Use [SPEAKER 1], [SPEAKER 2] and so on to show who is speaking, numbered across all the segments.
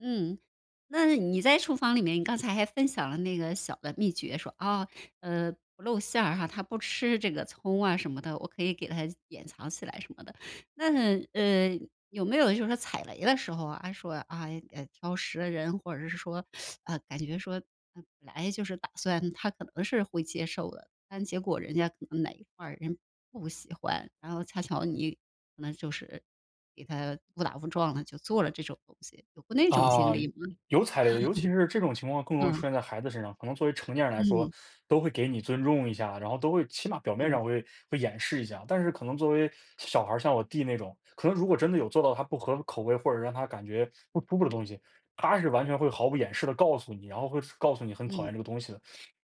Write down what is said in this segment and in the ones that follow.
[SPEAKER 1] 嗯，那你在厨房里面你刚才还分享了那个小的秘诀，说，啊，呃，不露馅儿哈，他不吃这个葱啊什么的，我可以给他掩藏起来什么的。但，呃，有没有就是说踩雷的时候啊，哎，说啊啊，哎，挑食的人，或者是说，呃，感觉说那本来就是打算他可能是会接受的，但结果人家可能哪一块儿，人不喜欢，然后恰巧你可能就是给他误打误撞了，就做了这种东西，有过那种
[SPEAKER 2] 啊，
[SPEAKER 1] 经历吗？
[SPEAKER 2] 有踩雷，尤其是这种情况更容易 出
[SPEAKER 1] 嗯。
[SPEAKER 2] 现在孩子身上。可能作为成年人来说，
[SPEAKER 1] 嗯。
[SPEAKER 2] 都会给你尊重一下，然后都会起码表面
[SPEAKER 1] 嗯。
[SPEAKER 2] 上会会掩饰一下，但是可能作为小孩儿，像我弟那种，可能如果真的有做到他不合口味，或者是让他感觉不舒服的东西，他是完全会毫不掩饰地告诉你，然后会是告诉你很讨
[SPEAKER 1] 嗯。
[SPEAKER 2] 厌这个东西的。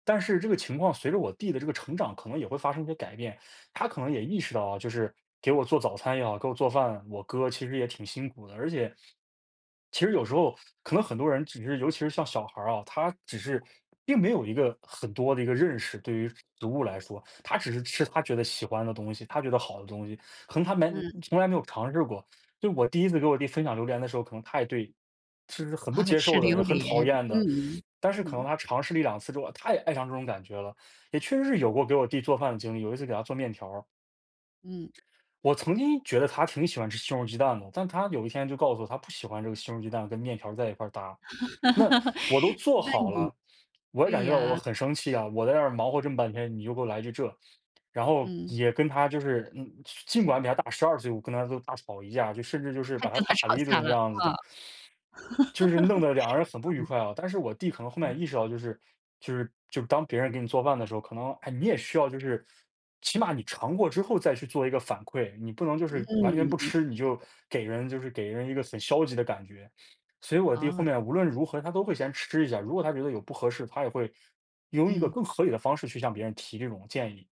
[SPEAKER 2] 但是这个情况随着我弟的这个成长，可能也会发生一些改变，他可能也意识到啊，就是给我做早餐也好，给我做饭，我哥其实也挺辛苦的，而且，其实有时候，可能很多人只是尤其是像小孩儿啊，他只是并没有一个很多的一个认识，对于食物来说，他只是吃他觉得喜欢的东西，他觉得好的东西，可能他完
[SPEAKER 1] 嗯。
[SPEAKER 2] 从来没有尝试过。就是我第1次给我弟分享榴莲的时候，可能他也对就是很不
[SPEAKER 1] 啊，
[SPEAKER 2] 接
[SPEAKER 1] 吃
[SPEAKER 2] 受的，
[SPEAKER 1] 榴
[SPEAKER 2] 很讨
[SPEAKER 1] 莲，
[SPEAKER 2] 厌的，
[SPEAKER 1] 嗯，
[SPEAKER 2] 但是可能
[SPEAKER 1] 嗯。
[SPEAKER 2] 他尝试了1、2次之后，他也爱上这种感觉了，也确实是有过给我弟做饭的经历，有一次给他做面条儿。
[SPEAKER 1] 嗯。
[SPEAKER 2] 我曾经觉得他挺喜欢吃西红柿鸡蛋的，但他有一天就告诉我，他不喜欢这个西红柿鸡蛋跟面条儿在一块搭，那 我都做
[SPEAKER 1] 那
[SPEAKER 2] 好
[SPEAKER 1] 你
[SPEAKER 2] 了，我也
[SPEAKER 1] 对
[SPEAKER 2] 感觉到我
[SPEAKER 1] 呀。
[SPEAKER 2] 很生气啊，我在那儿忙活这么半天，你就给我来句这。然后
[SPEAKER 1] 嗯。
[SPEAKER 2] 也跟他就是嗯，尽管比他大12岁，我跟他都大吵一架，就甚至就是
[SPEAKER 1] 他
[SPEAKER 2] 把他
[SPEAKER 1] 跟他
[SPEAKER 2] 打了
[SPEAKER 1] 吵
[SPEAKER 2] 一
[SPEAKER 1] 架
[SPEAKER 2] 顿这
[SPEAKER 1] 了，
[SPEAKER 2] 样子
[SPEAKER 1] 啊，
[SPEAKER 2] 的。
[SPEAKER 1] 啊。
[SPEAKER 2] 就是弄得2人很不愉快啊。但是我弟可能后
[SPEAKER 1] 嗯。
[SPEAKER 2] 面也意识到，就是就是就是当别人给你做饭的时候，可能，哎，你也需要就是起码你尝过之后再去做一个反馈，你不能就
[SPEAKER 1] 嗯，
[SPEAKER 2] 是完全不
[SPEAKER 1] 对对
[SPEAKER 2] 吃，你就
[SPEAKER 1] 对。
[SPEAKER 2] 给人就是给人一个很消极的感觉。所以我弟后
[SPEAKER 1] 哦。
[SPEAKER 2] 面无论如何他都会先吃一下，如果他觉得有不合适，他也会用一个
[SPEAKER 1] 嗯。
[SPEAKER 2] 更合理的方式去向别人提这种建议。